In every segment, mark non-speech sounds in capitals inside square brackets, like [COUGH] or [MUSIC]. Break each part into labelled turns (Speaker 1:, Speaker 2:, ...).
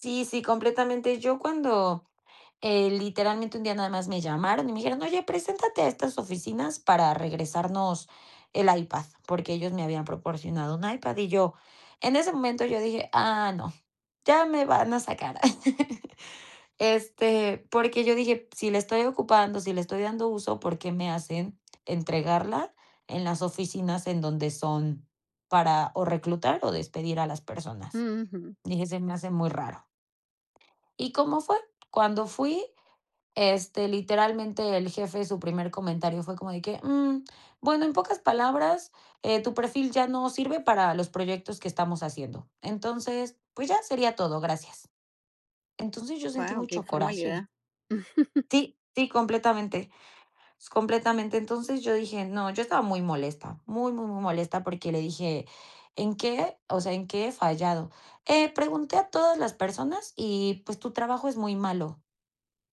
Speaker 1: Sí sí, completamente. Yo cuando, eh, literalmente, un día nada más me llamaron y me dijeron: "Oye, preséntate a estas oficinas para regresarnos el iPad", porque ellos me habían proporcionado un iPad, y yo, en ese momento yo dije: "Ah, no, ya me van a sacar". [LAUGHS] Este, porque yo dije: "Si la estoy ocupando, si le estoy dando uso, ¿por qué me hacen entregarla en las oficinas en donde son para, o reclutar, o despedir a las personas?"
Speaker 2: Ujú.
Speaker 1: Dije:"Se me hace muy raro". ¿Y cómo fue? Cuando fui, este, literalmente el jefe, su primer comentario fue como de que: "Mm, bueno, en pocas palabras, eh, tu perfil ya no sirve para los proyectos que estamos haciendo, entonces, pues, ya sería todo, gracias". Entonces yo sentí
Speaker 2: Guau, qué
Speaker 1: mucho
Speaker 2: informalidad.
Speaker 1: coraje.
Speaker 2: [CHUCKLES]
Speaker 1: Sí sí, completamente completamente. Entonces yo dije: "No", yo estaba muy molesta, muy muy muy molesta porque le dije: "¿En qué? O sea, ¿en qué he fallado? Eh, pregunté a todas las personas y, pues, tu trabajo es muy malo".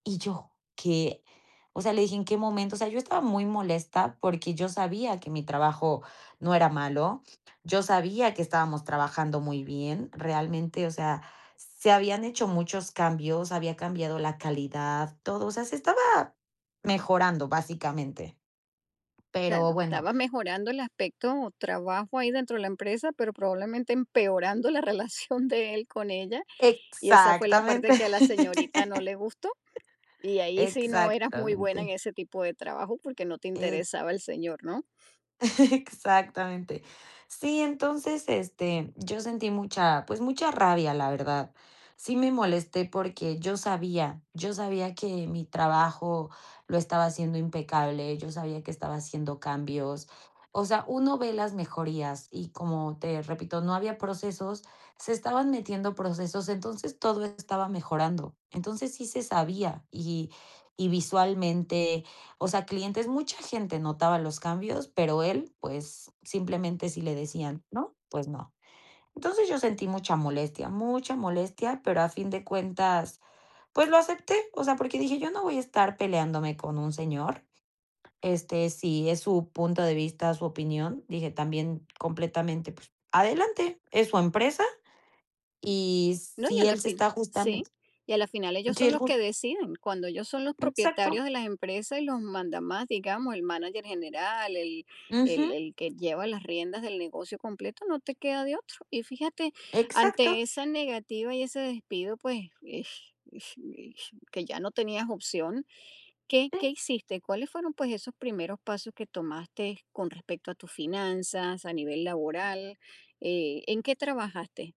Speaker 1: Y yo, ¿qué? O sea, le dije: "¿En qué momento?" O sea, yo estaba muy molesta, porque yo sabía que mi trabajo no era malo, yo sabía que estábamos trabajando muy bien realmente, o sea, se habían hecho muchos cambios, había cambiado la calidad, todo, o sea, se estaba mejorando, básicamente. Pero,
Speaker 2: Claro,
Speaker 1: bueno.
Speaker 2: estaba mejorando el aspecto o trabajo ahí dentro de la empresa, pero probablemente empeorando la relación de él con ella, y esa fue la
Speaker 1: Exactamente.
Speaker 2: parte que a la señorita no le gustó, y
Speaker 1: [LAUGHS]
Speaker 2: ahí sí no eras muy buena en
Speaker 1: Exactamente.
Speaker 2: ese tipo de trabajo porque no te
Speaker 1: Eh.
Speaker 2: interesaba el señor, ¿no?
Speaker 1: [LAUGHS] Exactamente. Sí, entonces, este, yo sentí mucha, pues, mucha rabia, la verdad. Sí me molesté porque yo sabía yo sabía que mi trabajo lo estaba haciendo impecable, yo sabía que estaba haciendo cambios. O sea, uno ve las mejorías y, como te repito, no había procesos, se estaban metiendo procesos, entonces todo estaba mejorando. Entonces, sí se sabía, y y visualmente, o sea, clientes mucha gente notaba los cambios, pero él, pues, simplemente, si le decían, ¿no? Pues no. Entonces, yo sentí mucha molestia mucha molestia, pero a fin de cuentas, pues, lo acepté, o sea, porque dije: "Yo no voy a estar peleándome con un señor, este, si es su punto de vista, su opinión", dije: "También completamente, pues adelante, es su empresa, y
Speaker 2: No, y
Speaker 1: si
Speaker 2: a la
Speaker 1: él se
Speaker 2: fi
Speaker 1: está justamen"
Speaker 2: sí, y a la final ellos
Speaker 1: sí,
Speaker 2: son
Speaker 1: el
Speaker 2: los
Speaker 1: jus
Speaker 2: que deciden, cuando ellos son los
Speaker 1: Exacto.
Speaker 2: propietarios de las empresas y los mandamás, digamos, el mánager general, el el
Speaker 1: Ujú.
Speaker 2: el que lleva las riendas del negocio completo, no te queda de otro. Y fíjate,
Speaker 1: Exacto.
Speaker 2: ante esa negativa y ese despido, pues, eh eh eh, que ya no tenías opción, ¿qué qué
Speaker 1: Sí.
Speaker 2: hiciste? ¿Cuáles fueron, pues, esos primeros pasos que tomaste con respecto a tus finanzas, a nivel laboral? Eh, ¿en qué trabajaste?